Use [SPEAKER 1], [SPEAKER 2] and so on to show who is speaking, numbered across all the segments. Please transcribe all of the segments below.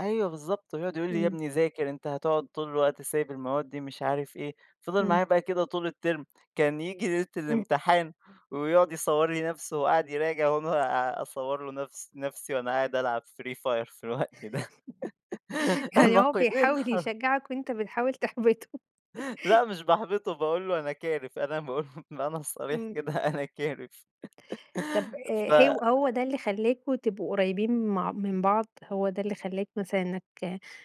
[SPEAKER 1] أيوة بالضبط، ويقعد يقول لي: "يا
[SPEAKER 2] إمم.
[SPEAKER 1] ابني ذاكر، أنت هتقعد طول الوقت سايب المواد دي." مش عارف إيه، فِضل
[SPEAKER 2] إمم.
[SPEAKER 1] معايا بقى كده طول الterm كان ييجي ليلة
[SPEAKER 2] إمم.
[SPEAKER 1] الامتحان ويقعد يصوّر لي نفسه وهو قاعد يراجع وأنا أصور له نفس نفسي وأنا قاعد ألعب Free Fire في الوقت ده.
[SPEAKER 2] يعني هو
[SPEAKER 1] النقيضين
[SPEAKER 2] بيحاول
[SPEAKER 1] حر
[SPEAKER 2] يشجعك وأنت بتحاول تحبطه.
[SPEAKER 1] لأ مش باحبطه باقول له أنا كارف، أنا باقول له بالمعنى الصريح
[SPEAKER 2] إمم.
[SPEAKER 1] كده أنا كارف.
[SPEAKER 2] طب آآ،
[SPEAKER 1] ف
[SPEAKER 2] هو هو ده اللي خلاكم تبقوا قريبين مع من بعض، هو ده اللي خلاك مثلًا إنّك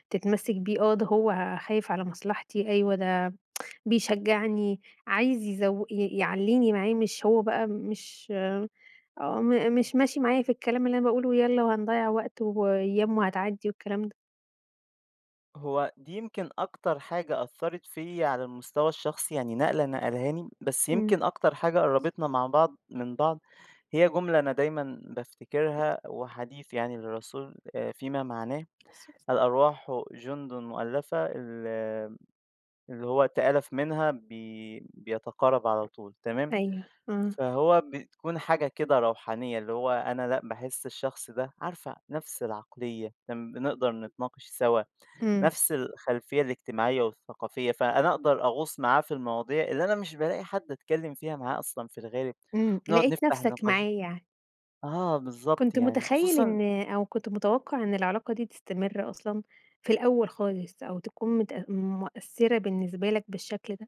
[SPEAKER 2] تتمسك بيه؟ آه، ده هو خايف على مصلحتي أيوه ده بيشجعني عايز يزو ي يعليني معاه مش هو بقى مش م مش ماشي معايا في الكلام اللي أنا باقول له يالّا وهنضيّع وقت وأيّام وهتعدي والكلام ده.
[SPEAKER 1] هو دي يمكن أكتر حاجة أثّرت فيّا، على المستوى الشخصي يعني نقلة نقلها لي، بس
[SPEAKER 2] إمم.
[SPEAKER 1] يمكن أكتر حاجة قرّبتنا مع بعض من بعض، هي جملة أنا دايمًا بافتكرها، هو حديث يعني للرسول فيما معناه
[SPEAKER 2] [unintelligible]
[SPEAKER 1] الأرواح جندٌ مؤلفة ال آآ، اللي هو تآلف منها بي بيتقارب على طول تمام،
[SPEAKER 2] أيوه، إمم.
[SPEAKER 1] فهو بتكون حاجة كده روحانية اللي هو أنا لأ باحس الشخص ده عارفة نفس العقليّة، امم بنقدر نتناقش سوا،
[SPEAKER 2] إمم.
[SPEAKER 1] نفس الخلفيّة الاجتماعيّة والثقافية، فأنا أقدر أغوص معاه في المواضيع اللي أنا مش بالاقي حد اتكلم فيها معاه أصلًا في الغالب،
[SPEAKER 2] إمم.
[SPEAKER 1] ونقعد
[SPEAKER 2] لَقيت
[SPEAKER 1] نفتح
[SPEAKER 2] نفسك
[SPEAKER 1] نقاش
[SPEAKER 2] معاه يعني.
[SPEAKER 1] آه بالضبط
[SPEAKER 2] كنت
[SPEAKER 1] يعني
[SPEAKER 2] متخيل
[SPEAKER 1] خصوصًا
[SPEAKER 2] إن أو كنت متوقع إن العلاقة دي تستمر أصلًا في الأول خالص أو تكون متأ مؤثرة بالنسبة لك بالشكل ده؟